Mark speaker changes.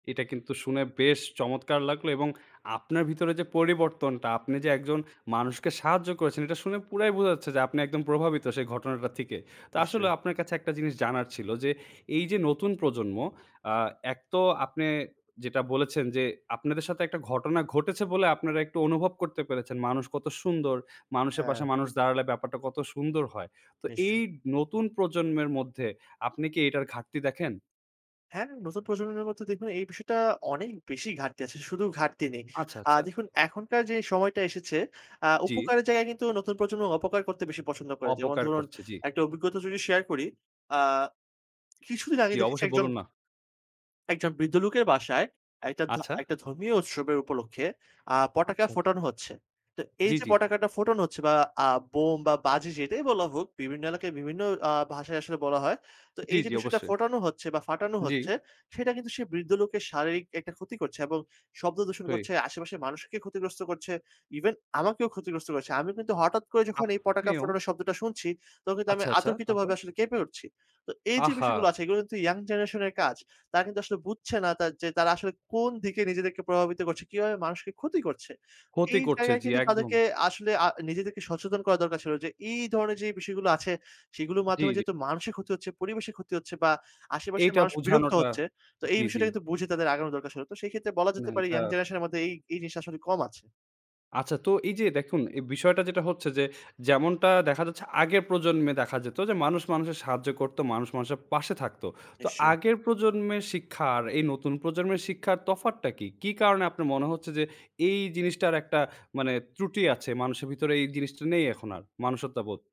Speaker 1: এটা কিন্তু শুনে বেশ চমৎকার লাগলো। এবং আপনার ভিতরে যে পরিবর্তনটা, আপনি যে একজন মানুষকে সাহায্য করেছেন এটা শুনে পুরাই বোঝা যাচ্ছে যে আপনি একদম প্রভাবিত সেই ঘটনাটা থেকে। তো আসলেও
Speaker 2: নিশ্চয়ই।
Speaker 1: আপনার কাছে একটা জিনিস জানার ছিল। যে এইযে নতুন প্রজন্ম আ ১ তো আপনে যেটা বলেছেন যে আপনাদের সাথে একটা ঘটনা ঘটেছে বলে আপনারা একটু অনুভব করতে পেরেছেন মানুষ কত সুন্দর। মানুষের
Speaker 2: হ্যাঁ।
Speaker 1: পাশে মানুষ দাঁড়ালে ব্যাপারটা কত সুন্দর হয়। তো এই
Speaker 2: নিশ্চয়ই।
Speaker 1: নতুন প্রজন্মের মধ্যে আপনি কি এইটার ঘাটতি দেখেন?
Speaker 2: হ্যাঁ নতুন প্রজন্মের মধ্যে দেখুন এই বিষয়টা অনেক বেশি ঘাটতি আছে, শুধু ঘাটতি নেই।
Speaker 1: আচ্ছা,
Speaker 2: আ
Speaker 1: আচ্ছা।
Speaker 2: দেখুন এখনকার যে সময়টা এসেছে আ
Speaker 1: জ্বি।
Speaker 2: উপকারের জায়গায় কিন্তু নতুন প্রজন্ম অপকার করতে বেশি পছন্দ করে। যেমন
Speaker 1: অপকার
Speaker 2: ধরুন
Speaker 1: করছে, জ্বি।
Speaker 2: একটা অভিজ্ঞতা যদি শেয়ার করি, আ কিছুদিন আগে
Speaker 1: জ্বি,
Speaker 2: দেখেছি
Speaker 1: অবশ্যই
Speaker 2: একজন
Speaker 1: বলুন না।
Speaker 2: একজন বৃদ্ধ লোকের বাসায় একটা ধ
Speaker 1: আচ্ছা।
Speaker 2: একটা ধর্মীয় উৎসবের উপলক্ষে, আ
Speaker 1: আচ্ছা,
Speaker 2: পটকা
Speaker 1: আচ্ছা।
Speaker 2: ফোটানো হচ্ছে। তো
Speaker 1: জ্বি,
Speaker 2: এইযে
Speaker 1: জ্বি।
Speaker 2: পটকাটা ফোটানো হচ্ছে বা আ বোম বা বাজি যেটাই বলা হোক, বিভিন্ন এলাকায় বিভিন্ন আ ভাষায় আসলে বলা হয়। তো
Speaker 1: জ্বি,
Speaker 2: এইযে
Speaker 1: জি
Speaker 2: বিষয়টা
Speaker 1: অবশ্যই।
Speaker 2: ফোটানো হচ্ছে বা ফাটানো
Speaker 1: জ্বি।
Speaker 2: হচ্ছে, সেটা কিন্তু সে বৃদ্ধ লোকের শারীরিক একটা ক্ষতি করছে। এবং শব্দ দূষণ
Speaker 1: তুই
Speaker 2: করছে, আশেপাশের মানুষকে ক্ষতিগ্রস্ত করছে, ইভেন আমাকেও ক্ষতিগ্রস্ত করেছে। আমি কিন্তু হঠাৎ করে যখন এই পটকা
Speaker 1: আপনিও
Speaker 2: ফোটানোর শব্দটা শুনছি, তখন কিন্তু আমি
Speaker 1: আচ্ছা, আচ্ছা। তারপর?
Speaker 2: অতর্কিতভাবে আসলে কেঁপে উঠছি। তো এইযে বিষয়গুলো
Speaker 1: আহা!
Speaker 2: আছে, এগুলো কিন্তু ইয়াং জেনারেশন এর কাজ। তারা কিন্তু আসলে বুঝছে না তা যে তারা আসলে কোন দিকে নিজেদেরকে প্রভাবিত করছে, কিভাবে মানুষকে ক্ষতি করছে।
Speaker 1: ক্ষতি
Speaker 2: এই
Speaker 1: করছে,
Speaker 2: জায়গায়
Speaker 1: জি
Speaker 2: কিন্তু
Speaker 1: একদম।
Speaker 2: তাদেরকে আসলে আ নিজেদেরকে সচেতন করা দরকার ছিল। যে এই ধরনের যেই বিষয়গুলো আছে, সেগুলোর
Speaker 1: জ্বী,
Speaker 2: মাধ্যমে
Speaker 1: জ্বী।
Speaker 2: যেহেতু মানুষের ক্ষতি হচ্ছে, পরিবেশের ক্ষতি হচ্ছে বা আশেপাশের
Speaker 1: এইটা
Speaker 2: মানুষ বিরক্ত
Speaker 1: বুঝানোটা
Speaker 2: হচ্ছে। তো এই
Speaker 1: জ্বী, জ্বী।
Speaker 2: বিষয়টা কিন্তু বুঝে তাদের আগানো দরকার ছিল। তো সেই ক্ষেত্রে বলা
Speaker 1: না
Speaker 2: যেতে পারে
Speaker 1: এটা
Speaker 2: ইয়াং জেনারেশন এর মধ্যে এই এই জিনিসটা আসলে কম আছে।
Speaker 1: আচ্ছা। তো এইযে দেখুন এ বিষয়টা যেটা হচ্ছে, যে যেমনটা দেখা যাচ্ছে আগে প্রজন্মে দেখা যেত। যে মানুষ মানুষের সাহায্য করতো, মানুষ মানুষের পাশে থাকতো। তো
Speaker 2: নিশ্চয়ই।
Speaker 1: আগের প্রজন্মের শিক্ষা আর এই নতুন প্রজন্মের শিক্ষার তফাৎটা কি? কি কারণে আপনার মনে হচ্ছে যে এই জিনিসটার একটা মানে ত্রুটি আছে? মানুষের ভিতরে এই জিনিসটা নেই এখন আর, মানুষত্ববোধ।